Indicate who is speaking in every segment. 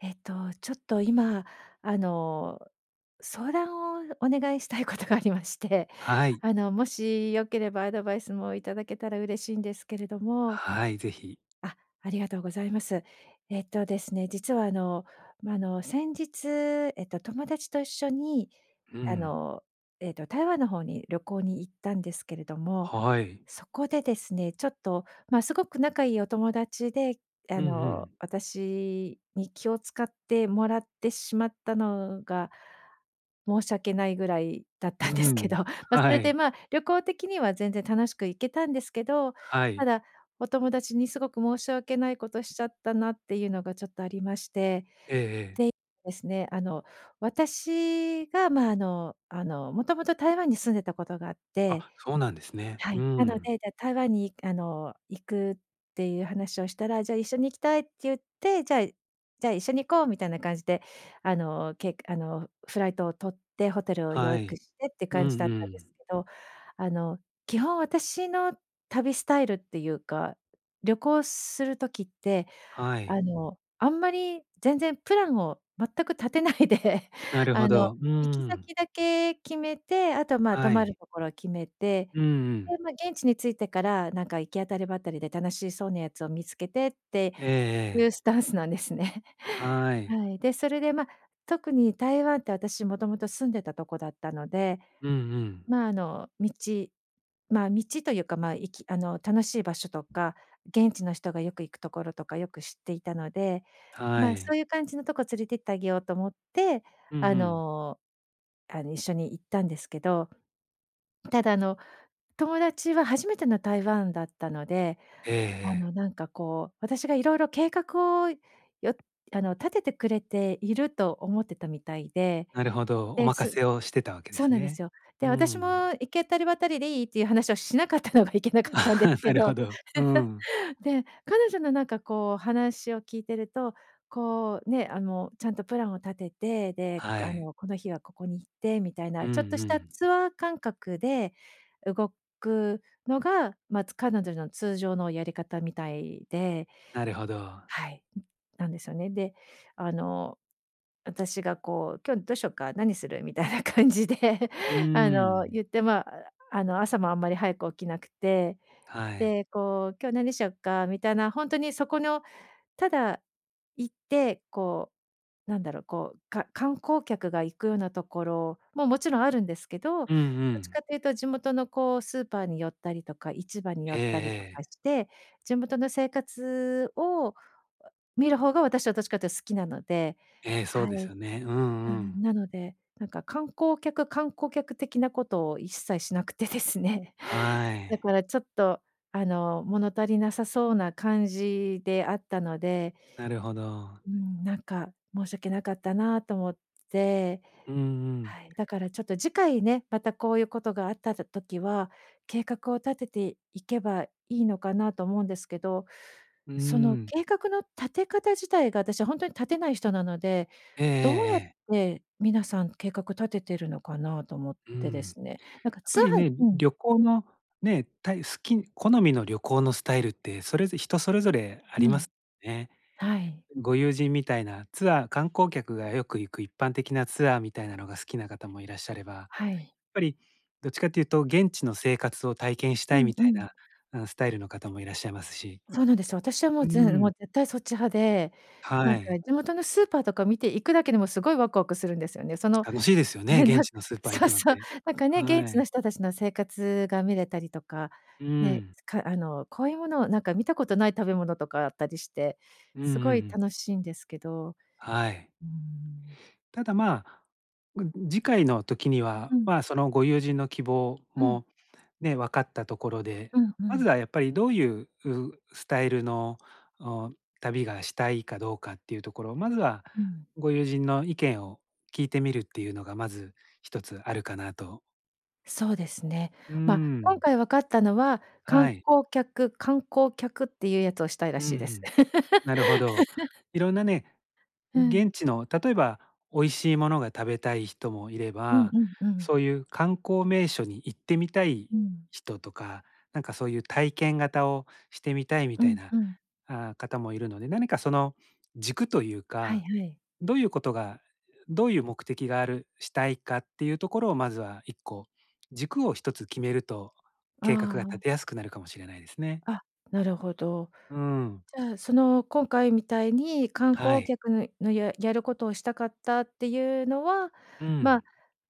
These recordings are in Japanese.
Speaker 1: えっと、ちょっと、今、あの、相談をお願いしたいことがありまして、
Speaker 2: はい。
Speaker 1: あの、もしよければアドバイスもいただけたら嬉しいんですけれども。
Speaker 2: はい、是非。
Speaker 1: あ、ありがとうございます。えっと、ですね、
Speaker 2: うん。
Speaker 1: 実はあの、ま、あの、先日、えっと、友達と一緒に、
Speaker 2: う
Speaker 1: あ
Speaker 2: ん。
Speaker 1: の、えっと、台湾の方に旅行に行ったんですけれども、
Speaker 2: はい。
Speaker 1: そこでですね、ちょっとまあ、凄く仲いいお友達で、あ
Speaker 2: うんう
Speaker 1: の、
Speaker 2: ん。
Speaker 1: 私に気を遣ってもらってしまったのが、申し訳ないぐらいだっ
Speaker 2: う
Speaker 1: たんですけ
Speaker 2: ん。
Speaker 1: ど、まあ、そ
Speaker 2: は
Speaker 1: れで
Speaker 2: い。
Speaker 1: まあ、旅行的には全然楽しく行けたんですけど、
Speaker 2: は
Speaker 1: た
Speaker 2: い。
Speaker 1: だお友達にすごく申し訳ないことしちゃったなっていうのが、ちょっとありまして、で、
Speaker 2: ええええ。
Speaker 1: いですね、あの、私がまあ、あのあの、もともと台湾に住んでたことがあって
Speaker 2: あ、そうなんですね。
Speaker 1: は
Speaker 2: う
Speaker 1: い、
Speaker 2: ー
Speaker 1: なの
Speaker 2: ん。
Speaker 1: で、じゃあ台湾にあの、行くっていう話をしたら、じゃ、一緒に行きたいって言って「じゃあ、いじゃあ、一緒に行こう」みたいな感じで。あの、けくあの、フライトを取って、ホテルをよ
Speaker 2: は
Speaker 1: いく
Speaker 2: い。
Speaker 1: してって
Speaker 2: うん
Speaker 1: 感じだっ
Speaker 2: う
Speaker 1: たんです
Speaker 2: ん。
Speaker 1: けど、あの、基本私の旅スタイルっていうか、旅行する時って、
Speaker 2: は
Speaker 1: あ
Speaker 2: い。
Speaker 1: の、あんまり全然プランを全く立てないで、
Speaker 2: なる
Speaker 1: あ
Speaker 2: ほ
Speaker 1: の、
Speaker 2: ど。う
Speaker 1: 行き
Speaker 2: ーん。
Speaker 1: 先だけ決めて、あとまあ、泊
Speaker 2: は
Speaker 1: まる
Speaker 2: い。
Speaker 1: ところを決めて、
Speaker 2: うんう
Speaker 1: で、
Speaker 2: ん。
Speaker 1: まあ、現地に着いてから、なんか行き当たりばったりで楽しそうなやつを見つけてって
Speaker 2: ええ
Speaker 1: いう
Speaker 2: ええ。
Speaker 1: スタンスなんですね。
Speaker 2: はい。
Speaker 1: はい。で、それでまあ、特に台湾って、私もともと住んでたとこだったので、
Speaker 2: うんうん。
Speaker 1: まあ、あの、道、まあ、道というか、まあ、いきあの、楽しい場所とか、現地の人がよく行くところとか、よく知っていたので、
Speaker 2: は
Speaker 1: まあ、そ
Speaker 2: い。
Speaker 1: ういう感じのとこ連れてってあげようと思って、
Speaker 2: うん
Speaker 1: あ
Speaker 2: うん。
Speaker 1: の、あ、に一緒に行ったんですけど。ただあの、友達は初めての台湾だったので、
Speaker 2: ええ
Speaker 1: あの、
Speaker 2: ええ。
Speaker 1: なんかこう、私がいろいろ計画を、よあの、立ててくれていると思ってたみたいで、
Speaker 2: なるほど。お
Speaker 1: で、
Speaker 2: 任
Speaker 1: す
Speaker 2: せをしてたわけで
Speaker 1: そう
Speaker 2: す
Speaker 1: なんで
Speaker 2: ね。
Speaker 1: すよ。
Speaker 2: う
Speaker 1: で、
Speaker 2: ー
Speaker 1: 私も
Speaker 2: ん。
Speaker 1: 行けたりばったりでいい？っていう話をしなかったのがいけなかったんで
Speaker 2: な
Speaker 1: け
Speaker 2: る
Speaker 1: ど。
Speaker 2: ほど。うーん。
Speaker 1: で、彼女のなんかこう話を聞いてると、こうね、あの、ちゃんとプランを立てて、で、
Speaker 2: は
Speaker 1: あ
Speaker 2: い。
Speaker 1: の、この日はここに行ってみたい
Speaker 2: う
Speaker 1: な、
Speaker 2: ん
Speaker 1: ちょっと
Speaker 2: う
Speaker 1: した
Speaker 2: ん。
Speaker 1: ツアー感覚で動くのが、まあ、つ彼女の通常のやり方みたいで
Speaker 2: なるほど。
Speaker 1: はい。うん、なんですよね。で、あの、私がこう「今日どうしよっか、何する？」みたいな感じで、
Speaker 2: うー
Speaker 1: あの、
Speaker 2: ん。
Speaker 1: 言って、まあ、あの、朝もあんまり早く起きなくて、
Speaker 2: はい。
Speaker 1: で、こう「今日何しよっか？」みたいな、ほんとにそこの、ただ行って、こう、なんだろう、こう、か観光客が行くようなところも、もちろんあるんですけど、ど
Speaker 2: うんう
Speaker 1: っちか
Speaker 2: ん。
Speaker 1: っていうと地元のこうスーパーに寄ったりとか、市場に寄
Speaker 2: え
Speaker 1: っ
Speaker 2: え
Speaker 1: たりとか
Speaker 2: ええ。
Speaker 1: して、地元の生活を見る方が、私はどっちかと好きなので
Speaker 2: ええ、そう
Speaker 1: は
Speaker 2: です
Speaker 1: い。
Speaker 2: よね。うん
Speaker 1: う
Speaker 2: うん。
Speaker 1: ん、なので、なんか観光客、観光客的なことを一切しなくてですね。
Speaker 2: は
Speaker 1: だ
Speaker 2: い。
Speaker 1: からちょっとあの、物足りなさそうな感じであったので
Speaker 2: なるほど。
Speaker 1: うん、なんか申し訳なかったなと思って。
Speaker 2: うんうん。
Speaker 1: はい。だからちょっと次回ね、またこういうことがあった、だ時は、計画を立てていけばいいのかなと思うんですけど、
Speaker 2: うー
Speaker 1: その
Speaker 2: ん。
Speaker 1: 計画の立て方自体が、私はほんとに立てない人なので、
Speaker 2: ええええ
Speaker 1: どうやっ
Speaker 2: ええ。
Speaker 1: て皆さん計画立ててるのかなと思っ
Speaker 2: うー
Speaker 1: てで
Speaker 2: ん。
Speaker 1: す
Speaker 2: や
Speaker 1: ね。なんか
Speaker 2: っ
Speaker 1: ツ
Speaker 2: ぱり
Speaker 1: アー
Speaker 2: ね、うん、
Speaker 1: うん。
Speaker 2: 旅行の、ね、たい好きん好みの旅行のスタイルって、それず人それぞれあ
Speaker 1: う
Speaker 2: りま
Speaker 1: ん。
Speaker 2: すね。
Speaker 1: はい。
Speaker 2: うん、ご友人みたいな、ツアー、観光客がよく行く一般的なツアーみたいなのが好きな方もいらっしゃれば、
Speaker 1: はい。
Speaker 2: ぱり、どっちかっていうと現地の生活を体験し
Speaker 1: う
Speaker 2: たい
Speaker 1: ん、
Speaker 2: み
Speaker 1: う
Speaker 2: たい
Speaker 1: ん。
Speaker 2: な、あの、スタイルの方もいらっしゃいますし
Speaker 1: そうなんですよ。私はもう
Speaker 2: うー
Speaker 1: ぜもう
Speaker 2: ん。
Speaker 1: 絶対そっち派で、なん
Speaker 2: は
Speaker 1: か
Speaker 2: い。
Speaker 1: 地元のスーパーとか見て行くだけでも、凄いわくわくするんですよね。その、
Speaker 2: 楽しいですよね、
Speaker 1: ね、な
Speaker 2: 現
Speaker 1: んか
Speaker 2: 地のスーパー行
Speaker 1: そう
Speaker 2: くのっ
Speaker 1: そう、
Speaker 2: て。
Speaker 1: なんかね、現
Speaker 2: は
Speaker 1: 地の
Speaker 2: い。
Speaker 1: 人達の生活が見れたりとか、
Speaker 2: うー
Speaker 1: ね、
Speaker 2: ん。
Speaker 1: かあの、こういうものをなんか見たことない食べ物とかあったりして、
Speaker 2: うんうんう
Speaker 1: 凄い
Speaker 2: ん。
Speaker 1: 楽しいんですけど。
Speaker 2: はい。
Speaker 1: うーん。
Speaker 2: ただ、ま、ぐん次回の時に
Speaker 1: う
Speaker 2: は、
Speaker 1: ん。
Speaker 2: ま、そのご友人の希望
Speaker 1: うん。
Speaker 2: も、ね、分かったところで、
Speaker 1: うん、う
Speaker 2: まず
Speaker 1: ん。
Speaker 2: はやっぱり、どういう、うスタイルの、お旅がしたいかどうかっていうところを、まずは
Speaker 1: うん。
Speaker 2: ご友人の意見を聞いてみるっていうのが、まず一つあるかなと。
Speaker 1: そうですね。
Speaker 2: うー
Speaker 1: まあ、今
Speaker 2: ん。
Speaker 1: 回分かったのは、観
Speaker 2: はい。
Speaker 1: 光客観光客っていうやつをしたいら
Speaker 2: うんう
Speaker 1: しいです。
Speaker 2: ん。なるほど。いろんなね、
Speaker 1: う
Speaker 2: 現
Speaker 1: ん。
Speaker 2: 地の、例えば、美味しいものが食べたい人もいれ
Speaker 1: うん、う
Speaker 2: ば、
Speaker 1: ん、うん。
Speaker 2: そういう観光名所に行ってみたい
Speaker 1: うん。
Speaker 2: 人とか。なんか、そういう体験型をしてみたいみ
Speaker 1: う
Speaker 2: たい
Speaker 1: ん、
Speaker 2: な、
Speaker 1: うん。
Speaker 2: ああ、方もいるので。何か、その、軸という
Speaker 1: はい
Speaker 2: か、
Speaker 1: はい。
Speaker 2: どういうことが、どういう目的がある、したいかっていうところを、まずは、1個、軸を、1つ決めると、計画
Speaker 1: あ
Speaker 2: が立
Speaker 1: あ。
Speaker 2: てやすくなるかもしれないですね。
Speaker 1: あ、なるほど。
Speaker 2: うーん。
Speaker 1: じゃあ、その、今回みたいに、観
Speaker 2: は
Speaker 1: 光
Speaker 2: い。
Speaker 1: 客の、ややることをしたかったっていうのは、
Speaker 2: う
Speaker 1: まあ、
Speaker 2: ん。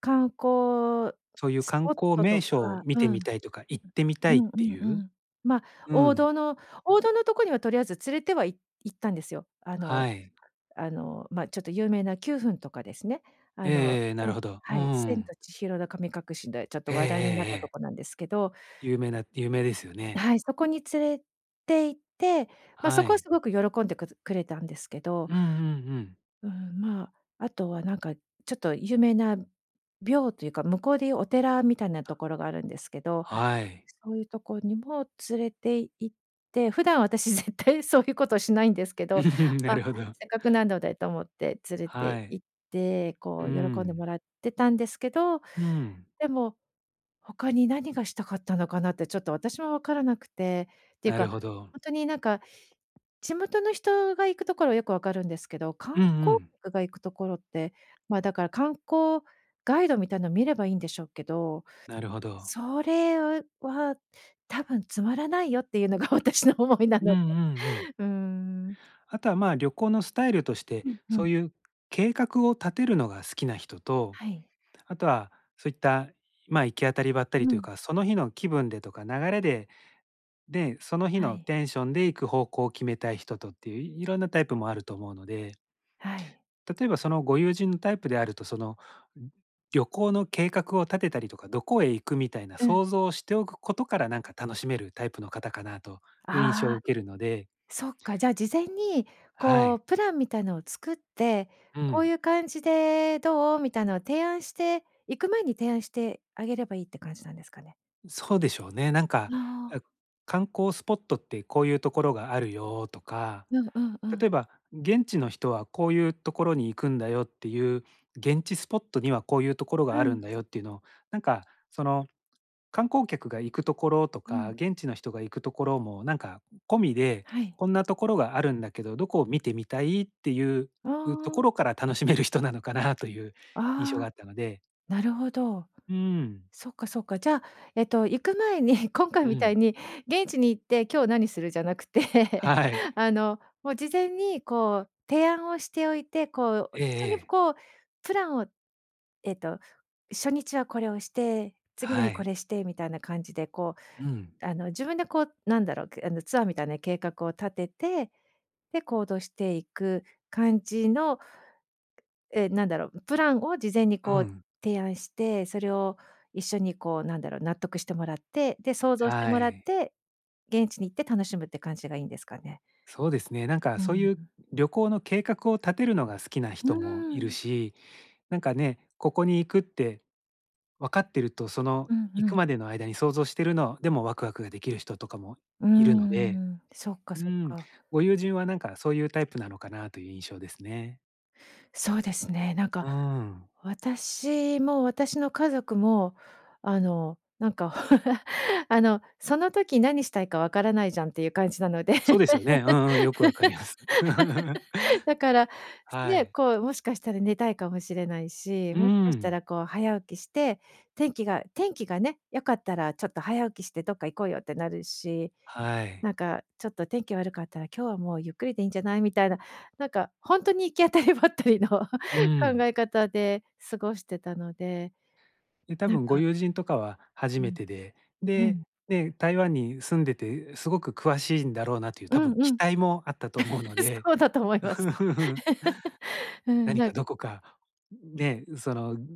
Speaker 1: 観光
Speaker 2: そういう
Speaker 1: ス
Speaker 2: 観
Speaker 1: ポッ
Speaker 2: 光
Speaker 1: トと
Speaker 2: 名所を
Speaker 1: か
Speaker 2: 見
Speaker 1: う
Speaker 2: て
Speaker 1: ん。
Speaker 2: みたいとか、行ってみ
Speaker 1: う
Speaker 2: たいっ
Speaker 1: んう
Speaker 2: て
Speaker 1: んう
Speaker 2: いう、
Speaker 1: ん。まあ、
Speaker 2: う
Speaker 1: 王
Speaker 2: ん。
Speaker 1: 道の王道のとこには、とりあえず連れては、い行ったんですよ。あ
Speaker 2: は
Speaker 1: の、
Speaker 2: い。
Speaker 1: あの、まちょっと有名な九扮とかですね。
Speaker 2: え
Speaker 1: あ
Speaker 2: え
Speaker 1: の、
Speaker 2: ええええ。なる
Speaker 1: [unintelligible]
Speaker 2: ほど。うー
Speaker 1: はい。千
Speaker 2: ん。
Speaker 1: と千尋の神隠しで、ちょっと、
Speaker 2: えええ
Speaker 1: 話題になっ
Speaker 2: え
Speaker 1: たと
Speaker 2: ええ。
Speaker 1: こなんですけど。
Speaker 2: 有名な有名ですよね。
Speaker 1: はい、そこに連れて行って、ま、そ
Speaker 2: は
Speaker 1: こは、
Speaker 2: い。
Speaker 1: すごく喜んでくでくれたんですけど。
Speaker 2: うんうんうん。
Speaker 1: うーん、まあ、あとは、なんか、ちょっと、有名な廟というか、向こうで言うお寺みたいなと
Speaker 2: あ。
Speaker 1: ころがあるんですけど。
Speaker 2: はい。
Speaker 1: そういう所にも連れて行って、普段、私、絶対、そういうことしないんですけど。
Speaker 2: な
Speaker 1: まあ、
Speaker 2: るほど。
Speaker 1: せっかく、なのでと思って連れ
Speaker 2: は
Speaker 1: て
Speaker 2: い。
Speaker 1: 行って。
Speaker 2: う
Speaker 1: こ
Speaker 2: ー
Speaker 1: う、喜んで
Speaker 2: ん。
Speaker 1: もらってたんですけど、
Speaker 2: うん。
Speaker 1: でも、他に何がしたかったのかなって、ちょっと、私も分からなくて。ていう
Speaker 2: なる
Speaker 1: か、
Speaker 2: ほど。
Speaker 1: 本当に、なんか、地元の人が行くところは、よく分かるんですけど。
Speaker 2: うん
Speaker 1: 観
Speaker 2: う
Speaker 1: 光
Speaker 2: ん。
Speaker 1: 客が行くところって、まあ、だから観光ガイドみたいなのを見ればいいんでしょうけど。
Speaker 2: なるほど。
Speaker 1: それは多分、「つまらないよ」っていうのが、私の思いな
Speaker 2: うん
Speaker 1: の
Speaker 2: うん
Speaker 1: で。
Speaker 2: うん。
Speaker 1: うーん。
Speaker 2: あとは、まあ、旅行のスタイルとして、
Speaker 1: うんう
Speaker 2: そ
Speaker 1: ん。
Speaker 2: ういう計画を立てるのが好きな人と、
Speaker 1: はい。
Speaker 2: あとは、そういった、まあ、行き当たりばったり
Speaker 1: う
Speaker 2: という
Speaker 1: ん。
Speaker 2: か、その日の気分でとか、流れで、で、その日
Speaker 1: は
Speaker 2: の
Speaker 1: い。
Speaker 2: テンションで、行く方向を決めたい人とっていう、いろんなタイプもあると思うので。
Speaker 1: はい。
Speaker 2: 例えば、その、ご友人のタイプであると、その、旅行の計画を立てたりとか、どこへ行くみたいな
Speaker 1: うん。
Speaker 2: 想像をしておくことから、なんか、楽しめるタイプの方かなという印象を
Speaker 1: ああ。
Speaker 2: 受けるので。
Speaker 1: そっか、じゃあ、事前に、
Speaker 2: は
Speaker 1: こ
Speaker 2: い。
Speaker 1: う、プランみたいなのを作って、
Speaker 2: う
Speaker 1: こう
Speaker 2: ん。
Speaker 1: いう感じでどう？みたいのを提案して、行く前に提案してあげればいいって感じなんですかね？
Speaker 2: ん、そうでしょうね。なんか、
Speaker 1: ああ。
Speaker 2: あ、「観光スポットってこういうところがあるよ」とか、
Speaker 1: うんうんう
Speaker 2: 例え
Speaker 1: ん。
Speaker 2: ば、「現地の人はこういうところに行くんだよ」っていう、「現地スポットにはこういうところがあ
Speaker 1: う
Speaker 2: る
Speaker 1: ん。
Speaker 2: んだよ」っていうのを、なんか、その、観光客が行くところと
Speaker 1: う
Speaker 2: か、
Speaker 1: ん。
Speaker 2: 現地の人が行くところもなんか、込みで、
Speaker 1: はい。
Speaker 2: 「こんなところがあるんだけど、どこを見てみたい」っていう、
Speaker 1: あ
Speaker 2: うとこ
Speaker 1: あ。
Speaker 2: ろから楽しめる人なのかなという印象が
Speaker 1: あ
Speaker 2: あ
Speaker 1: あ。
Speaker 2: ったので。
Speaker 1: なるほど。
Speaker 2: うーん。
Speaker 1: そっかそっか。じゃあえっと、行く前に、今回
Speaker 2: う
Speaker 1: みた
Speaker 2: ん。
Speaker 1: いに現地に行って、今日何する？じゃなくて、
Speaker 2: はい。
Speaker 1: あの、もう、事前にこう、提案をしておいて、こう、お
Speaker 2: え
Speaker 1: 一
Speaker 2: え
Speaker 1: 緒に
Speaker 2: ええ。
Speaker 1: こう、プランを、えっと、初日はこれをして、次の
Speaker 2: は
Speaker 1: 日こ
Speaker 2: い。
Speaker 1: れしてみたいな感じで、こ
Speaker 2: うん。
Speaker 1: う、あの、自分でこう、なんだろう、くあの、ツアーみたいな計画を立てて、で、行動していく感じの、ええ、何だろう、プランを事前に
Speaker 2: う
Speaker 1: こう、
Speaker 2: ん。
Speaker 1: 提案して、それを一緒にこう、なんだろう、納得してもらって、で、想像して
Speaker 2: は
Speaker 1: もらっ
Speaker 2: い。
Speaker 1: て、現地に行って楽しむって感じがいいんですかね？
Speaker 2: そうですね、なんか、
Speaker 1: う
Speaker 2: そう
Speaker 1: ん。
Speaker 2: いう旅行の計画を立てるのが好きな
Speaker 1: うー
Speaker 2: 人もいる
Speaker 1: ん。
Speaker 2: し。なんかね、ここに行くって分かってると、その、
Speaker 1: うん
Speaker 2: 行
Speaker 1: う
Speaker 2: く
Speaker 1: ん。
Speaker 2: までの間に想像してるのでもワクワクができる人とかも
Speaker 1: うー
Speaker 2: いるので。
Speaker 1: ん。そっか
Speaker 2: う
Speaker 1: そっ
Speaker 2: ん。
Speaker 1: か。
Speaker 2: ご友人はなんか、そういうタイプなのかなという印象ですね。
Speaker 1: そうですね。なんか、
Speaker 2: うーん。
Speaker 1: 私も私の家族も、あの、なんか、あの、その時何したいかわからないじゃんっていう感じなので。
Speaker 2: そうですよね。うんうん。よく分かります。
Speaker 1: だから、す
Speaker 2: は
Speaker 1: ね、
Speaker 2: い。
Speaker 1: こう、もしかしたら寝たいかもしれないし、
Speaker 2: う
Speaker 1: もしかした
Speaker 2: ん。
Speaker 1: らこう、早起きして、天気が天気がね、良かったらちょっと早起きしてどっか行こうよってなるし、
Speaker 2: はい。
Speaker 1: なんか、ちょっと天気悪かったら、今日はもうゆっくりでいんじゃないみたいな、なんか、ほんとに行き当たりばったりの考
Speaker 2: うん。
Speaker 1: え方で過ごしてたので。
Speaker 2: ね、多
Speaker 1: なん
Speaker 2: 分ご
Speaker 1: か
Speaker 2: 友人とかは初
Speaker 1: う
Speaker 2: め
Speaker 1: ん。
Speaker 2: てで、
Speaker 1: う
Speaker 2: で、
Speaker 1: ん。
Speaker 2: ね、台湾に住んでて、うすごく詳しいんだろうなっていう、
Speaker 1: う
Speaker 2: たぶん
Speaker 1: んう
Speaker 2: 期
Speaker 1: ん。
Speaker 2: 待もあったと思うの で、
Speaker 1: そうだと思い
Speaker 2: う
Speaker 1: ます。
Speaker 2: ーん。
Speaker 1: うん、
Speaker 2: 何
Speaker 1: な
Speaker 2: か
Speaker 1: ん
Speaker 2: どこか、んね、んその、ん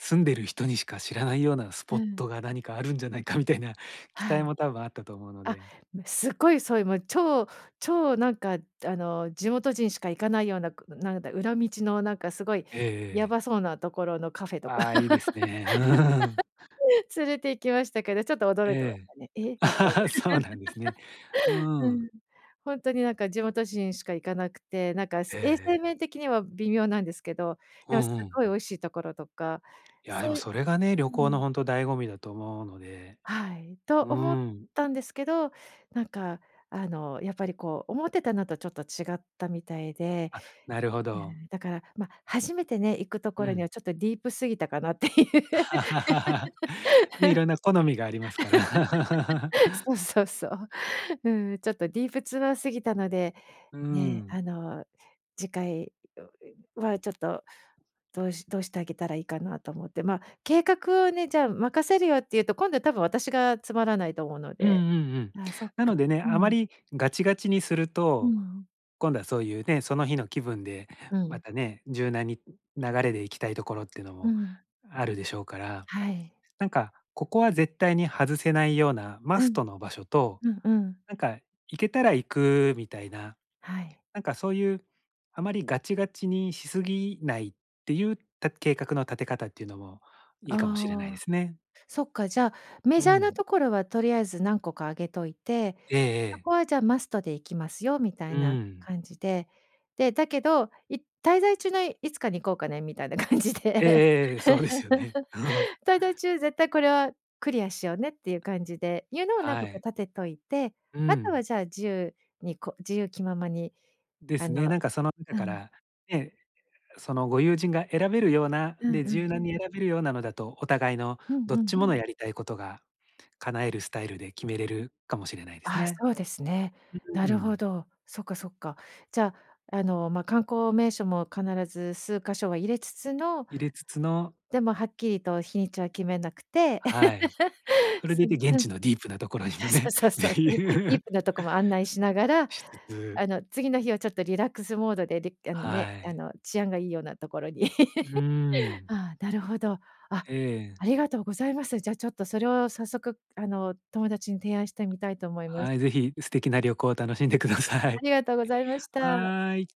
Speaker 2: 住んでる人にしか知らないようなス
Speaker 1: う
Speaker 2: ポッ
Speaker 1: ん。
Speaker 2: トが何かあるんじゃないかみたいな期
Speaker 1: は
Speaker 2: 待
Speaker 1: い。
Speaker 2: も多分あったと思うの
Speaker 1: あ、
Speaker 2: で
Speaker 1: ま、すごいそういうもう超超なんか、あの、地元人しか行かないような、くなんだ裏道の、なんか、すごい
Speaker 2: ええ
Speaker 1: や
Speaker 2: ええ。
Speaker 1: ばそうなところのカフェとか、
Speaker 2: ああ、良いですね、うーん。
Speaker 1: 連れて行きましたけど、ちょっと驚いてまし
Speaker 2: ええ。
Speaker 1: たね。え？みたいな。
Speaker 2: そうなんですね。う ー
Speaker 1: う
Speaker 2: ん。
Speaker 1: ん。ほんとになんか地元人しか行かなくて、なんか
Speaker 2: え
Speaker 1: せ
Speaker 2: え
Speaker 1: 衛生
Speaker 2: ええ。
Speaker 1: 面的には微妙なんですけど、
Speaker 2: う
Speaker 1: でもす
Speaker 2: んう
Speaker 1: っ
Speaker 2: ん。
Speaker 1: ごい美味しいところとか、
Speaker 2: いや、で
Speaker 1: そう
Speaker 2: も
Speaker 1: ゆ
Speaker 2: それがね、旅
Speaker 1: う
Speaker 2: 行の
Speaker 1: ん。
Speaker 2: ほんと、醍醐味だと思うので。
Speaker 1: はい。と
Speaker 2: う
Speaker 1: 思っ
Speaker 2: ーん。
Speaker 1: たんですけど、なんか、あの、やっぱりこう、思ってたのとちょっと違ったみたいで。
Speaker 2: あ、なるほ
Speaker 1: う
Speaker 2: ど。
Speaker 1: ん。だから、ま、初めてね、行くとこ
Speaker 2: う
Speaker 1: ろには
Speaker 2: ん。
Speaker 1: ちょっとディープすぎたかなっていう。
Speaker 2: ね、色んな好みがありますから。
Speaker 1: そ うそうそう。うん、ちょっとディープツアー過ぎたので、
Speaker 2: うー
Speaker 1: ね、
Speaker 2: ん。
Speaker 1: あの、次回、んんはちょっとどうしどうしてあげたらいいかなと思って。ま、計画をね、じゃあ任せるよって言うと、今度は多分私がつまらないと思うの
Speaker 2: うんう
Speaker 1: で。
Speaker 2: んうん。
Speaker 1: ああ、そっ
Speaker 2: な
Speaker 1: か。
Speaker 2: のでね、
Speaker 1: う
Speaker 2: あま
Speaker 1: ん。
Speaker 2: りガチガチにする
Speaker 1: うん
Speaker 2: と、
Speaker 1: うん。
Speaker 2: 今度はそういうね、その日の気分で
Speaker 1: う
Speaker 2: ま
Speaker 1: ん。
Speaker 2: たね、柔軟に、流れで行きたいところっていうの
Speaker 1: う
Speaker 2: も
Speaker 1: ん。
Speaker 2: あるでしょうから、
Speaker 1: はい。
Speaker 2: なんか、ここは絶対に外せないような
Speaker 1: う
Speaker 2: マス
Speaker 1: ん。
Speaker 2: トの場所と、
Speaker 1: うんうん。
Speaker 2: なんか、行けたら行くみたいな、
Speaker 1: はい。
Speaker 2: なんか、そういうあまりガチガチにしすぎないっていう、た計画の立て方っていうのもいいかもしれないで
Speaker 1: ああ。
Speaker 2: すね。
Speaker 1: そっか、じゃあ、メ
Speaker 2: う
Speaker 1: ジャーな
Speaker 2: ん。
Speaker 1: ところはとりあえず何個かあげといて、
Speaker 2: ええ
Speaker 1: そ
Speaker 2: ええ。
Speaker 1: こはじゃあ、マストで行きますよみた
Speaker 2: う
Speaker 1: いな
Speaker 2: ん。
Speaker 1: 感じで。で、だけど、い滞在中のいつかに行こうかねみたいな感じ
Speaker 2: ええ
Speaker 1: で。
Speaker 2: ええええ、そうですよね。
Speaker 1: 滞在中、絶対これはクリアしようねっていう感じで、いうのを何
Speaker 2: は
Speaker 1: 個か
Speaker 2: い。
Speaker 1: 立てといて、
Speaker 2: う
Speaker 1: あと
Speaker 2: ん。
Speaker 1: はじゃあ、自由にこう自由気ままに、
Speaker 2: で
Speaker 1: あ
Speaker 2: すね。
Speaker 1: の
Speaker 2: なんかその中
Speaker 1: う
Speaker 2: か
Speaker 1: ん。
Speaker 2: ら、ね。そのご友人が選べるような、
Speaker 1: うん
Speaker 2: で、
Speaker 1: う
Speaker 2: 柔
Speaker 1: ん。
Speaker 2: 軟に選べるようなのだと、お互いの
Speaker 1: うん
Speaker 2: どっ
Speaker 1: う
Speaker 2: ち
Speaker 1: ん。
Speaker 2: ものやりたいことが叶えるスタイルで、決めれるかもしれないです
Speaker 1: ああ、
Speaker 2: ね。
Speaker 1: そうですね。な
Speaker 2: うー
Speaker 1: るほ
Speaker 2: ん。
Speaker 1: ど。そっかそっか。じゃあ、あの、ま、観光名所も必ず数か所は入れつつの
Speaker 2: 入れつつの
Speaker 1: でも、はっきりと日にちは決めなくて。
Speaker 2: はい。それで
Speaker 1: そ
Speaker 2: い
Speaker 1: ん
Speaker 2: て現
Speaker 1: うん。い
Speaker 2: 地のディープな所にも
Speaker 1: や、そう
Speaker 2: ね
Speaker 1: そうそう、
Speaker 2: っ
Speaker 1: で
Speaker 2: てい
Speaker 1: ぃ
Speaker 2: う。
Speaker 1: ーディ ープなとこも案内しながら、
Speaker 2: しつつ。
Speaker 1: あの、次の日はちょっとリラックスモードでであのね、
Speaker 2: は
Speaker 1: あ
Speaker 2: い。
Speaker 1: の、治安がいいようなところに。
Speaker 2: うー ん。
Speaker 1: ああ、なるほど。あ、
Speaker 2: ええ。
Speaker 1: ありがとうございます。じゃちょっと、それを早速、あの、友達に提案してみたいと思います。
Speaker 2: はい、是非、う素敵な旅行を楽しんでくださ
Speaker 1: あ
Speaker 2: い。
Speaker 1: りがとうございました。
Speaker 2: はい。